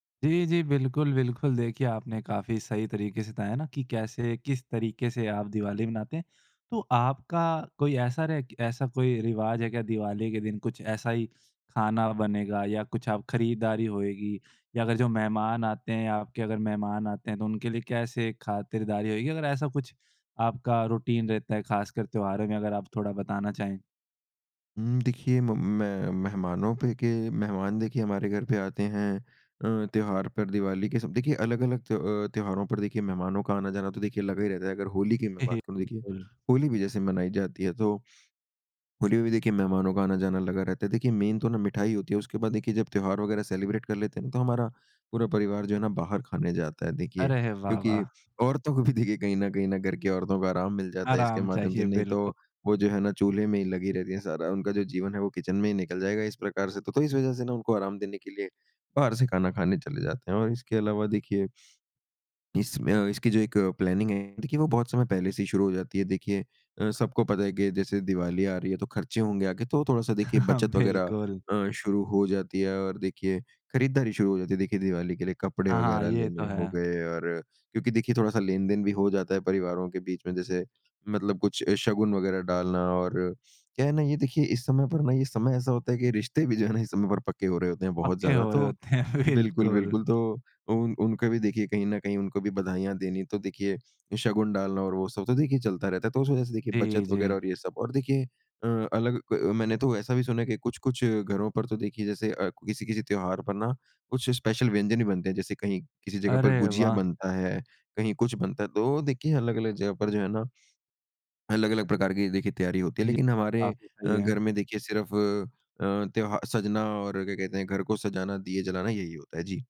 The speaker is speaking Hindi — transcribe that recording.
जी, जी बिल्कुल, बिल्कुल। देखिए, आपने काफ़ी सही तरीके से बताया ना कि कैसे, किस तरीके से आप दिवाली मनाते हैं। तो आपका कोई ऐसा रह ऐसा कोई रिवाज है क्या दिवाली के दिन। कुछ ऐसा ही खाना बनेगा या कुछ आप खरीदारी होएगी या अगर जो मेहमान आते हैं आपके अगर मेहमान आते हैं तो उनके लिए कैसे खातिरदारी होएगी अगर ऐसा कुछ आपका रूटीन रहता है खासकर त्योहारों में? अगर आप थोड़ा बताना चाहें? हुँ, देखिए म मैं मेहमानों पे के मेहमान देखिए हमारे घर पे आते हैं। अ, त्योहार पर दिवाली के सब देखिए अलग, अलग त्य अ, त्योहारों पर देखिए मेहमानों का आना-जाना तो देखिए लगा ही रहता है। अगर होली की मैं हे, हे। बात करूँ तो देखिए बिल्कुल। होली भी जैसे मनाई जाती है तो होली में भी देखिए मेहमानों का आना-जाना लगा रहता है। देखिए मेन तो ना मिठाई होती है। उसके बाद देखिए जब त्योहार वग़ैरह सेलिब्रेट कर लेते हैं ना तो हमारा पूरा परिवार जो है ना बाहर खाने जाता है देखिए अरे वाह, क्योंकि वाह! औरतों को भी देखिए कहीं न कहीं ना घर की औरतों को आराम मिल जाता है इसके आराम माध्यम से, चाहिए, नहीं तो बिल्कु वो जो है ना चूल्हे में ही लगी रहती है सारा। उनका जो जीवन है वो किचन में ही निकल जाएगा इस प्रकार से। तो तो इस वजह से ना उनको आराम देने के लिए बाहर से खाना खाने चले जाते हैं और इसके अलावा देखिए, इसमें अ, इसकी जो एक प्लानिंग है देखिए वो बहुत समय पहले से ही शुरू हो जाती है। देखिए अ, सबको पता है कि जैसे दिवाली आ रही है तो खर्चे होंगे आगे तो थोड़ा-सा देखिए बचत वग़ैरह बिल्कुल। अ, शुरू हो जाती है और देखिए खरीदारी शुरू हो जाती है, देखिए दिवाली के लिए कपड़े हाँ, हाँ। वग़ैरह ये तो लेने हो है। गए और क्योंकि देखिए थोड़ा-सा लेन-देन भी हो जाता है परिवारों के बीच में जैसे मतलब कुछ ए, शगुन वग़ैरह डालना और क्या है ना ये देखिए इस समय पर ना ये समय ऐसा होता है कि ये रिश्ते भी जो है ना इस समय पर पक्के हो रहे होते हैं बहुत पक्के ज़्यादा हो रहे तो होते हैं। बिल्कुल, बिल्कुल। बिल्कुल। तो उन उनको भी देखिए कहीं न कहीं उनको भी बधाइयाँ देनी तो देखिए, शगुन डालना और वो सब तो देखिए चलता रहता है। तो उस वजह से देखिए जी, बचत वग़ैरह जी। और ये सब और देखिए अ, अलग क मैंने तो ऐसा भी सुना है कि कुछ, कुछ घरों पर तो देखिए जैसे अ, किसी-किसी त्योहार पर ना कुछ स्पेशल व्यंजन भी बनते हैं। जैसे कहीं किसी जगह पर अरे गुजिया वाह! बनता है, कहीं कुछ बनता है तो वो देखिए अलग-अलग जगह पर जो है ना अलग-अलग प्रकार की देखिए तैयारी होती है। ये लेकिन हमारे काफ़ी सही अ, है। घर में देखिए सिर्फ़ अ, त्योहा सजना और क्या कहते हैं घर को सजाना, दिए जलाना यही होता है। जी।